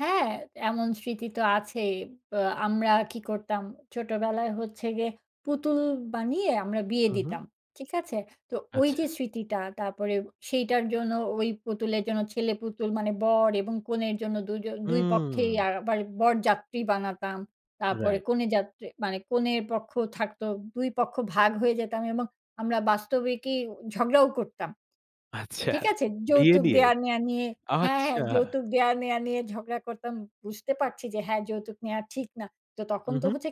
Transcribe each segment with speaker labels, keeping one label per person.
Speaker 1: হ্যাঁ, এমন স্মৃতি তো আছেই। বা আমরা কি করতাম? ছোটোবেলায় হচ্ছে গিয়ে পুতুল বানিয়ে আমরা বিয়ে
Speaker 2: উহুম।
Speaker 1: দিতাম। ঠিক আছে? তো ওই
Speaker 2: আচ্ছা।
Speaker 1: যে, স্মৃতিটা তারপরে সেইটার জন্য ওই পুতুলের জন্য, ছেলে পুতুল মানে বর এবং কনের জন্য দুজ ২ পক্ষেই
Speaker 2: হুম।
Speaker 1: আবার বরযাত্রী বানাতাম। তারপরে
Speaker 2: রাইট।
Speaker 1: কনেযাত্রী মানে, কনের পক্ষ থাকতো, ২ পক্ষ ভাগ হয়ে যেতাম এবং আমরা বাস্তবিকই ঝগড়াও করতাম।
Speaker 2: আচ্ছা,
Speaker 1: ঠিক আছে?
Speaker 2: বিয়ে
Speaker 1: যৌতুক
Speaker 2: নিয়ে?
Speaker 1: দেয়া নেয়া নিয়ে হ্যাঁ, হ্যাঁ।
Speaker 2: আচ্ছা।
Speaker 1: যৌতুক দেয়া নেয়া নিয়ে ঝগড়া করতাম। বুঝতে পারছি যে, হ্যাঁ, যৌতুক নেয়া ঠিক না। তো তখন তো
Speaker 2: উহুম।
Speaker 1: হচ্ছে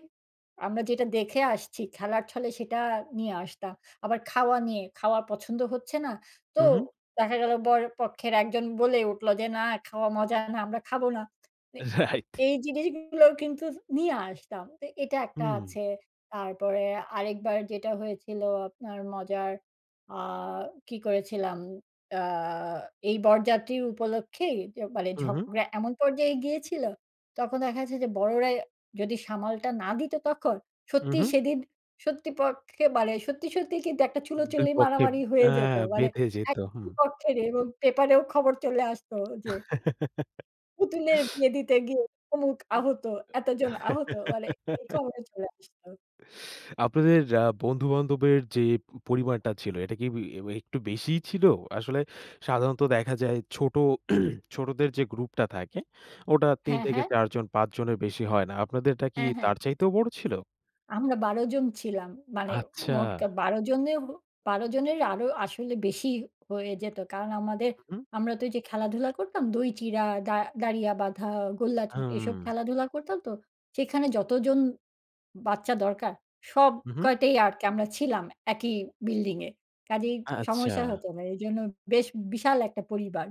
Speaker 1: আমরা যেটা দেখে আসছি, খেলার ছলে সেটা নিয়ে আসতাম। আবার খাওয়া নিয়ে, খাওয়া পছন্দ হচ্ছে না। তো
Speaker 2: উহু।
Speaker 1: দেখা গেল বরপক্ষের একজন বলে উঠলো যে, "না, খাওয়া মজা না। আমরা খাবো না।" মানে,
Speaker 2: রাইট।
Speaker 1: এই জিনিসগুলো কিন্তু নিয়ে আসতাম। তো এটা একটা
Speaker 2: হুম।
Speaker 1: আছে। তারপরে আরেকবার যেটা হয়েছিল আপনার মজার অ্যা কি করেছিলাম? অ্যা এই বরযাত্রীর উপলক্ষেই যে, মানে
Speaker 2: উহুম।
Speaker 1: ঝগড়া এমন পর্যায়ে গিয়েছিল, তখন দেখা গেছে যে, বড়রাই যদি সামালটা না দিত তখন, সত্যিই
Speaker 2: উহুম।
Speaker 1: সেদিন সত্যি পক্ষে মানে সত্যি, সত্যি কিন্তু একটা
Speaker 2: ২
Speaker 1: চুলোচুলি
Speaker 2: পক্ষেই
Speaker 1: মারামারি হয়ে
Speaker 2: অ্যা
Speaker 1: যেতো। মানে
Speaker 2: বেঁধে যেত।
Speaker 1: এক পক্ষের এবং পেপারেও খবর চলে আসতো যে পুতুলের বিয়ে দিতে গিয়ে অমুক আহত, এতজন আহত। মানে এই খবরে চলে আসতো।
Speaker 2: আপনাদের আ বন্ধুবান্ধবের যে, পরিমাণটা ছিল, এটা কি ইউই একটু বেশিই ছিল? আসলে সাধারণত দেখা যায় ছোট ছোটদের যে, গ্রুপটা থাকে, ওটা ৩
Speaker 1: হ্যাঁ,
Speaker 2: থেকে
Speaker 1: হ্যাঁ।
Speaker 2: ৪ জন, ৫ জনের বেশি হয় না। আপনাদেরটা কি
Speaker 1: হ্যাঁ, হ্যাঁ।
Speaker 2: তার চাইতেও বড় ছিল?
Speaker 1: আমরা ১২ জন ছিলাম। মানে
Speaker 2: আচ্ছা।
Speaker 1: মোট কা ১২ জনে হ ১২ জনের আরো আসলে বেশি হয়ে যেত। কারণ আমাদের,
Speaker 2: উহু।
Speaker 1: আমরা তো ওইযে খেলাধুলা করতাম। দই চিড়া, দা দাড়িয়া বাঁধা, গোল্লাছুট এসব
Speaker 2: হুম।
Speaker 1: খেলাধুলা করতাম তো, সেখানে যতজন বাচ্চা দরকার, সব
Speaker 2: উহুম।
Speaker 1: কয়টাই আরকি আমরা ছিলাম একই বিল্ডিংয়ে। কাজেই সমস্যা
Speaker 2: আচ্ছা।
Speaker 1: হতো না। এজন্য বেশ বিশাল একটা পরিবার।